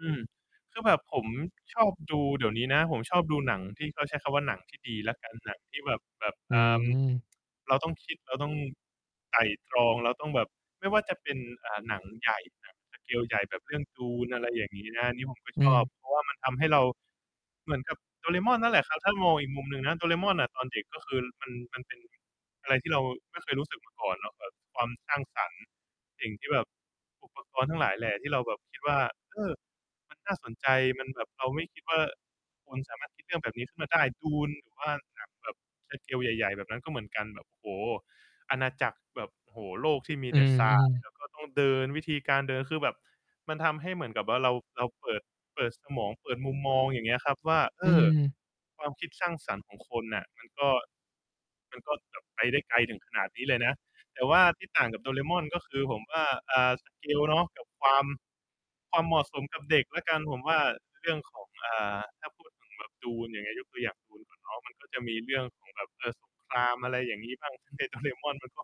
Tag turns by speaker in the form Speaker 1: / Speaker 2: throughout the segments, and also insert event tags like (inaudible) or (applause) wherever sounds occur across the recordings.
Speaker 1: อืม คือแบบผมชอบดู เดี๋ยวนี้นะ ผมชอบดูหนัง ที่เขาใช้คำว่าหนังที่ดีละกัน หนังที่แบบ แบบ
Speaker 2: อ
Speaker 1: อ่า
Speaker 2: ืม
Speaker 1: เราต้องคิด เราต้องไตร่ตรอง เราต้องแบบ ไม่ว่าจะเป็น อ่า หนังใหญ่ หนัง สเกล ใหญ่แบบเรื่อง Dune อะไรอย่างงี้นะ อันนี้ผมก็
Speaker 2: อื
Speaker 1: ชอบ
Speaker 2: ม
Speaker 1: เพราะว่ามันทำให้เรา เหมือนกับโดเรม่อนนั่นแหละครับ ถ้ามองอีกมุมหนึ่งนะ โดเรม่อนอะตอนเด็ก ก็คือมัน มันเป็นอะไรที่เราไม่เคยรู้สึกมาก่อนเนาะ แบบความสร้างสรรค์ สิ่งที่แบบ อุปกรณ์ ทั้งหลายแหล่ ที่เราแบบคิดว่า เอ้อ มันน่าสนใจ มันแบบ เราไม่คิดว่าคนสามารถคิดเรื่องแบบนี้ขึ้นมาได้ Dune หรือว่าหนังแบบ สเกล ใหญ่ ๆ แบบนั้นก็เหมือนกัน แบบ โอ้โฮ อาณาจักรแบบ โอ้โฮ โลกที่มี
Speaker 2: อื
Speaker 1: แต่ทราย
Speaker 2: ม ๆ
Speaker 1: แล้วก็ต้อง เดิน วิธีการเดิน คือแบบมันทำให้เหมือนกับว่าเรา เราเปิด เปิดสมอง เปิดมุมมองอย่างเงี้ยครับว่า เอ
Speaker 2: อื
Speaker 1: ้อ
Speaker 2: ม
Speaker 1: ความคิดสร้างสรรค์ของคนน่ะ มันก็ มันก็แบบไปได้ไกลถึงขนาดนี้เลยนะ แต่ว่าที่ต่างกับโดเรม่อน ก็คือผมว่า อ่า สเกล เนาะ กับความ ความเหมาะสมกับเด็กแล้วกัน ผมว่า เรื่องของ อ่า ถ้าพูดถึงแบบ Dune อย่างนี้ ยกตัวอย่าง Dune ก่อนเนาะ มันก็จะมีเรื่องของแบบ เออ สงคราม อะไรอย่างงี้ บ้าง ในโดเรม่อนมันก็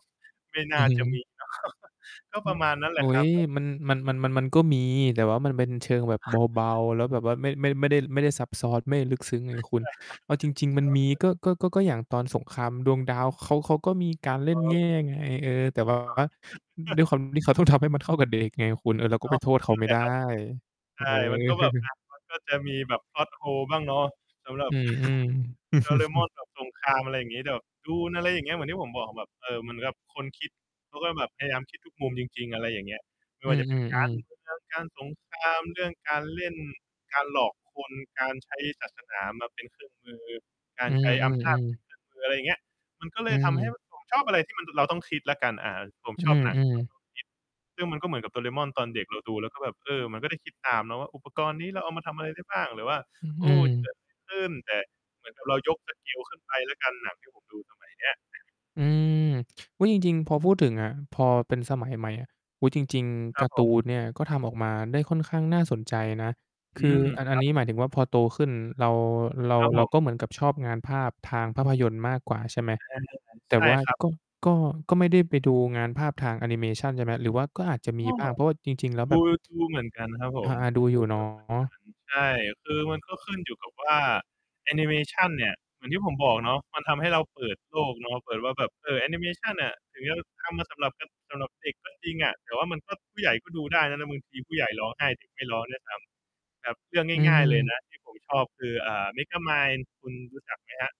Speaker 1: ไม่น
Speaker 2: อื
Speaker 1: ่า
Speaker 2: อฮ
Speaker 1: จะม
Speaker 2: ึ
Speaker 1: ีเนาะ (laughs) ก็
Speaker 2: อื
Speaker 1: ปร
Speaker 2: อ
Speaker 1: ะมาณนั้นแห
Speaker 2: โอ
Speaker 1: ล
Speaker 2: ๊
Speaker 1: ะครั
Speaker 2: ย
Speaker 1: บ ก็แบ
Speaker 2: มั
Speaker 1: บ
Speaker 2: น มัน มัน มัน มันก็มี แต่ว่ามันเป็นเชิงแบบเบา
Speaker 1: (chuckles)
Speaker 2: ๆ แล้วแบบว่าไม่ ไม่ ไม่ได้ ไม่ได้ซับซ้อน ไม่ได้ลึกซึ้งไงคุณ เอา
Speaker 1: (chuckles)
Speaker 2: จริง ๆ มันมี
Speaker 1: (unintelligible)
Speaker 2: ก็ ก็ ก็ ก็อย่างตอนสงครามดวงดาวเขา เขาก็มีการเล่
Speaker 1: อ
Speaker 2: น
Speaker 1: ๋
Speaker 2: แง
Speaker 1: อ
Speaker 2: ่ไง เออ แต่ แบบ
Speaker 1: อ๋
Speaker 2: ว่า
Speaker 1: อ
Speaker 2: ด้วย คว
Speaker 1: (chuckles)
Speaker 2: าม ที่เขาต้องทำให้มันเข้ากับเด็กไงคุณ เออ เราก็
Speaker 1: อ้
Speaker 2: ไ
Speaker 1: า
Speaker 2: ป
Speaker 1: ว
Speaker 2: โทษเขา
Speaker 1: นั่
Speaker 2: ไ
Speaker 1: น
Speaker 2: ม่
Speaker 1: แหล
Speaker 2: ได
Speaker 1: ะ
Speaker 2: ้
Speaker 1: ครับ ใ
Speaker 2: เ
Speaker 1: ช
Speaker 2: อ
Speaker 1: ่ มันก็แบบ อ
Speaker 2: อ
Speaker 1: ะ มันก็จะมีแบบ plot hole บ้างเนาะ สำหรั
Speaker 2: อ
Speaker 1: บ
Speaker 2: ืม
Speaker 1: (laughs) โดเร
Speaker 2: ๆ
Speaker 1: ม่อน
Speaker 2: (laughs)
Speaker 1: แบบสงคราม อะไรอย่างงี้ แต่แบบ Dune อะไรอย่างเงี้ย เหมือนที่ผมบอกแบบ เออ เหมือนกับคนคิด เขาก็แบบพยายามคิดทุกมุมจริง ๆ อะไรอย่างเงี้ย ไม่
Speaker 2: อื
Speaker 1: ว่าจะเป็น กา
Speaker 2: อ
Speaker 1: รเม
Speaker 2: ๆ
Speaker 1: ื
Speaker 2: ๆ
Speaker 1: อง การสงคราม เรื่องการเล่น การหลอกคน การใช้ศาสนามาเป็นเครื่องมือ กา
Speaker 2: อื
Speaker 1: รใช้อำนาจ เป
Speaker 2: อ
Speaker 1: ็น
Speaker 2: ๆ
Speaker 1: เค
Speaker 2: ๆ
Speaker 1: รื่องมือ อะไรอย่างเงี้ย มันก็เล
Speaker 2: อื
Speaker 1: ยทำให้
Speaker 2: ม
Speaker 1: ผมชอบอะไรที่มัน เราต้องคิดละกัน อ่า ผม
Speaker 2: อื
Speaker 1: ชอบหนัง ที่
Speaker 2: อ
Speaker 1: มัน
Speaker 2: ๆ
Speaker 1: ต้องคิด ซึ่งมันก็เหมือนกับโดเรม่อนตอนเด็ก เราดูแล้วก็แบบ เออ มันก็ได้คิดตามเนาะว่า อุปกรณ์นี้เราเอามาทำอะไรได้บ้าง หรือว่า
Speaker 2: อื
Speaker 1: โอ้ จะเก
Speaker 2: ม
Speaker 1: ิด อะไร ขึ้น แต่เหมือนกับเรายก สเกล ขึ้นไปละกัน หนังที่ผมดูสมัยนี้
Speaker 2: อืม อุ๊ย จริง ๆ พอพูดถึงอะ พอเป็นสมัยใหม่อะ อุ๊ย จริง
Speaker 1: ค
Speaker 2: ๆ ก
Speaker 1: รั
Speaker 2: า
Speaker 1: บ
Speaker 2: ร์ต
Speaker 1: ผ
Speaker 2: ู
Speaker 1: ม
Speaker 2: นเนี่ย ก็ทำออกมาได้ค่อนข้างน่าสนใจนะ
Speaker 1: อ
Speaker 2: ค
Speaker 1: ื
Speaker 2: ือ
Speaker 1: ม
Speaker 2: อัน
Speaker 1: ค
Speaker 2: อั
Speaker 1: ร
Speaker 2: น
Speaker 1: ับ
Speaker 2: นี้หมายถึงว่าพอโตขึ้นเรา เรา
Speaker 1: ครับ
Speaker 2: เ
Speaker 1: ผ
Speaker 2: รา
Speaker 1: ม
Speaker 2: ก็เหมือนกับชอบงานภาพทางภาพยนตร์มากกว่าใช่ไหม
Speaker 1: (unintelligible)
Speaker 2: แต
Speaker 1: ใ
Speaker 2: ่
Speaker 1: ช่
Speaker 2: ว่า
Speaker 1: ครับ
Speaker 2: ก็ ก็ ก็ไม่ได้ไปดูงานภาพทางแอนิเมชัน ใช่ไหม หรือว่าก็อาจจะม
Speaker 1: ก
Speaker 2: ี
Speaker 1: ็
Speaker 2: บ้าง เพราะว่าจริง ๆ แล้ว
Speaker 1: ด
Speaker 2: แบ
Speaker 1: ู
Speaker 2: บ
Speaker 1: ดูเหมือนกันครับผ
Speaker 2: อา
Speaker 1: ม
Speaker 2: ๆ ดู
Speaker 1: ด
Speaker 2: อ
Speaker 1: ู
Speaker 2: ยู่ เน
Speaker 1: เ
Speaker 2: า
Speaker 1: ยอะเหมือนกั
Speaker 2: ะ
Speaker 1: น ใช่ คือมันก็ขึ้นอยู่กับว่าแอนิเมชันเนี่ย เหมือนที่ผมบอกเนาะ มันทำให้เราเปิดโลกเนาะ เปิดว่าแบบ เออ แอนิเมชันอะ ถึงจะทำมาสำหรับ ก สำหรับเด็กก็จริงอะ แต่ว่ามันก็ ผู้ใหญ่ก็ดูได้นะ นะ บางทีผู้ใหญ่ร้องไห้ เด็กไม่ร้องด้วยซ้ำ แบบเรื่อง
Speaker 2: อื
Speaker 1: ง่าย ๆ เลย
Speaker 2: ม
Speaker 1: นะที่ผมชอบคือ อ่า Megamind คุณรู้จักไหมครับ?